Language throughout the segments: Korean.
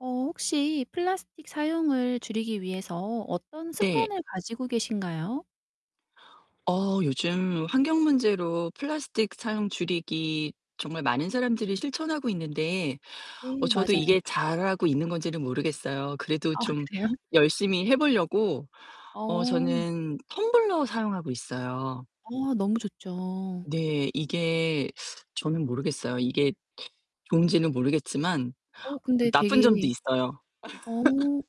어 혹시 플라스틱 사용을 줄이기 위해서 어떤 네. 습관을 가지고 계신가요? 어 요즘 환경 문제로 플라스틱 사용 줄이기 정말 많은 사람들이 실천하고 있는데 어 네 저도 맞아요. 이게 잘하고 있는 건지는 모르겠어요. 그래도 아 좀 그래요? 열심히 해 보려고 어 어. 저는 텀블러 사용하고 있어요. 와 너무 좋죠. 네 이게 저는 모르겠어요. 이게 좋은지는 모르겠지만 어 근데 나쁜 되게 점도 있어요. 어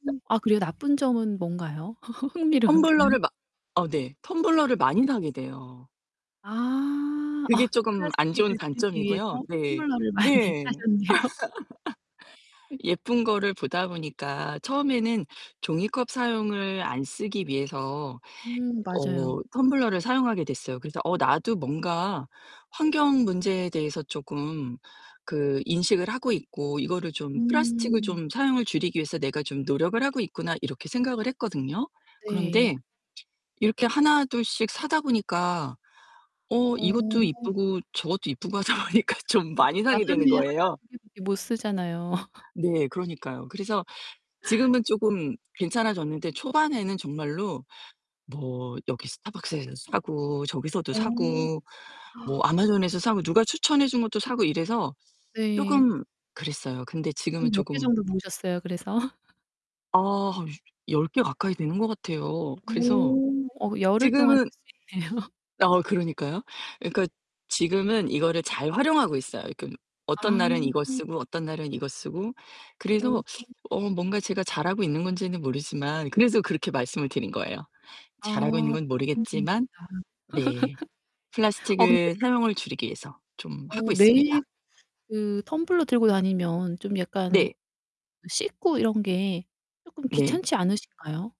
아 그래요? 나쁜 점은 뭔가요? 흥미로운데요. 텀블러를 막 어 네. 텀블러를 많이 사게 돼요. 아 어 그게 쪼금 안 좋은 플라스틱을 줄이기 위해서 단점이고요. 네. 텀블러를 많이 네. 사셨네요. 예쁜 거를 보다 보니까 처음에는 종이컵 사용을 안 쓰기 위해서 음 맞아요. 어 텀블러를 사용하게 됐어요. 그래서 '어 나도 뭔가 환경 문제에 대해서 쪼금 그 인식을 하고 있고 이거를 좀 플라스틱을 음. 좀 사용을 줄이기 위해서 내가 좀 노력을 하고 있구나.' 이렇게 생각을 했거든요. 그런데 네. 이렇게 하나둘씩 사다 보니까 어 어. 이것도 예쁘고 저것도 예쁘고 하다 보니까 좀 어 많이 그러니까 사게 되는 하루에 거예요. 1-2 개밖에 못 쓰잖아요. 네 그러니까요. 그래서 지금은 쪼금 괜찮아졌는데 초반에는 정말로 뭐 여기 스타벅스에서 사고, 저기서도 어. 사고, 뭐 아마존에서 사고, 누가 추천해 준 것도 사고 이래서 네. 쪼금 그랬어요. 근데 한 지금은 몇 개 쪼금 정도 모으셨어요? 그래서? 어 10 개 가까이 되는 것 같아요. 그래서 어 어 그 열흘 동안 지금은 쓸 수 있네요. 어 그러니까요. 예 그러니까 지금은 이거를 잘 활용하고 있어요. 지금 어떤 아 날은 이거 음. 쓰고 어떤 날은 이거 쓰고 그래서 어. 어 뭔가 제가 잘하고 있는 건지는 모르지만 그래서 그렇게 말씀을 드린 거예요. 잘하고 있는 아 건 나쁜 점도 모르겠지만 네 있다. 어 근데 플라스틱을 사용을 줄이기 위해서 좀 하고 어 있습니다. 매일 그 텀블러 들고 다니면 좀 약간 네. 그 씻고 이런 게 쪼끔 네. 귀찮지 않으신가요?